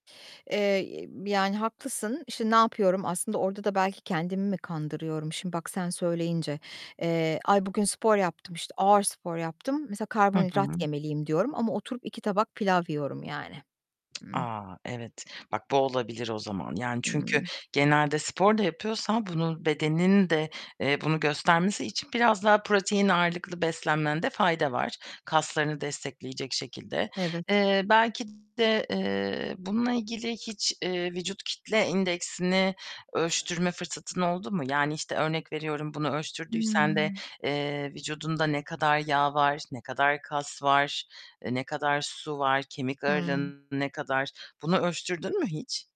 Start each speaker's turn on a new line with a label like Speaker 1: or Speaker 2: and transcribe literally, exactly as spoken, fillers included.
Speaker 1: Eee, [unintelligible] yani haklısın, işte, ne yapıyorum? Aslında orada da belki kendimi mi kandırıyorum? Şimdi bak sen söyleyince, eee, "Ay, bugün spor yaptım, işte, ağır spor yaptım. Mesela
Speaker 2: Hı
Speaker 1: karbonhidrat
Speaker 2: hı.
Speaker 1: yemeliyim." diyorum ama oturup iki tabak pilav yiyorum yani. Ih.
Speaker 2: A! Evet. Bak, bu olabilir o zaman. Yani çünkü
Speaker 1: Hıı.
Speaker 2: genelde spor da yapıyorsan bunun bedenin de, eee, bunu göstermesi için biraz daha protein ağırlıklı beslenmende fayda var kaslarını destekleyecek şekilde.
Speaker 1: Evet.
Speaker 2: Eee, belki de, eee, bununla ilgili hiç, eee, vücut kitle indeksini ölçtürme fırsatın oldu mu? Yani, işte, örnek veriyorum: Bunu ölçtürdüysen de,
Speaker 1: Hıı.
Speaker 2: eee, vücudunda ne kadar yağ var, ne kadar kas var, eee, ne kadar su var, kemik
Speaker 1: Hıı.
Speaker 2: ağırlığın ne kadar? Bunu ölçtürdün mü hiç?